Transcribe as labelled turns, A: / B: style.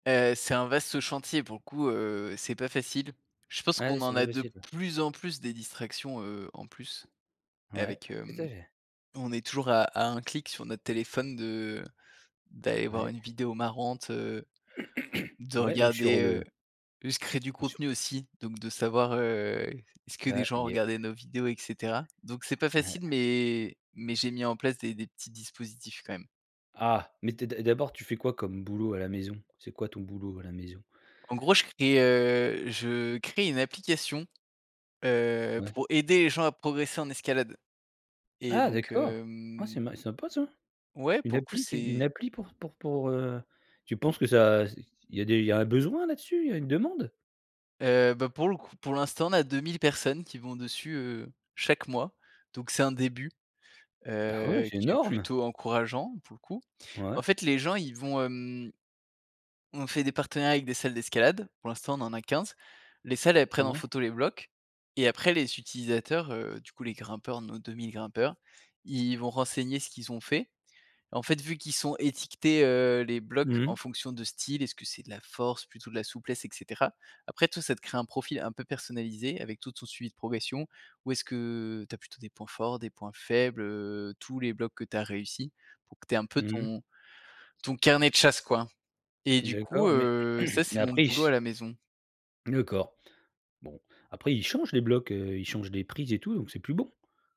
A: Heu, c'est un vaste chantier pour le coup, heu, c'est pas facile. Je pense
B: Ouais,
A: qu'on
B: c'est
A: en
B: pas
A: a de
B: facile, ouais.
A: plus en plus des distractions, heu, en plus
B: Ouais.
A: avec,
B: Tout à
A: hem,
B: fait.
A: on est toujours à à un clic sur notre téléphone de d'aller voir
B: Ouais.
A: une vidéo marrante, heu, de
B: Ouais ou sur
A: regarder,
B: le
A: heu, juste créer du
B: Bien sûr.
A: contenu aussi donc de savoir, heu, est-ce que des
B: Ah,
A: gens ont
B: yeah.
A: regardé nos vidéos et cetera. Donc c'est pas
B: Ouais.
A: facile mais mais j'ai mis en place des des petits dispositifs, quand même.
B: Ah, mais tu es d'a d'abord tu fais quoi comme boulot à la maison? C'est quoi ton boulot à la maison?
A: En gros, je crée, heu, je crée une application, heu,
B: Ouais.
A: pour aider les gens à progresser en escalade et
B: Ah
A: donc,
B: d'accord, ah, c'est
A: hem
B: ma c'est sympa, ça.
A: Ouais,
B: Une
A: pour le coup,
B: appli qui une
A: c'est
B: appli pour pour pour, heu, tu penses que ça, c'est il y a des il y a un besoin là-dessus, il y a une demande?
A: Heu, bah, pour le coup pour l'instant, on a 2000 personnes qui vont dessus, heu, chaque mois donc, c'est un début,
B: Ah ouais,
A: heu,
B: c'est
A: qui est
B: énorme!
A: plutôt encourageant pour le coup,
B: Ouais.
A: en fait, les gens, ils vont, hem on fait des partenariats avec des salles d'escalade, pour l'instant on en a 15. Les salles, elles
B: Ah
A: prennent en
B: ouais.
A: photo les blocs et après les utilisateurs, heu, du coup, les grimpeurs, nos 2000 grimpeurs, ils vont renseigner ce qu'ils ont fait, en fait, vu qu'ils sont étiquetés, heu, les
B: Mmh
A: blocs, en
B: mh.
A: fonction de style, est-ce que c'est de la force plutôt de la souplesse et cetera, après toi ça te crée un profil un peu personnalisé avec tout ton suivi de progression, où est-ce que tu as plutôt des points forts, des points faibles, heu, tous les blocs que tu as réussi pour que tu aies un peu
B: Mmh mh.
A: ton ton carnet de chasse, quoi et du coup,
B: D'accord, mais
A: heu, ça,
B: mais
A: c'est mon
B: après ils
A: boulot
B: se?
A: à la maison.
B: D'accord, bon, après ils changent les blocs, heu, ils changent des prises et tout donc c'est plus bon?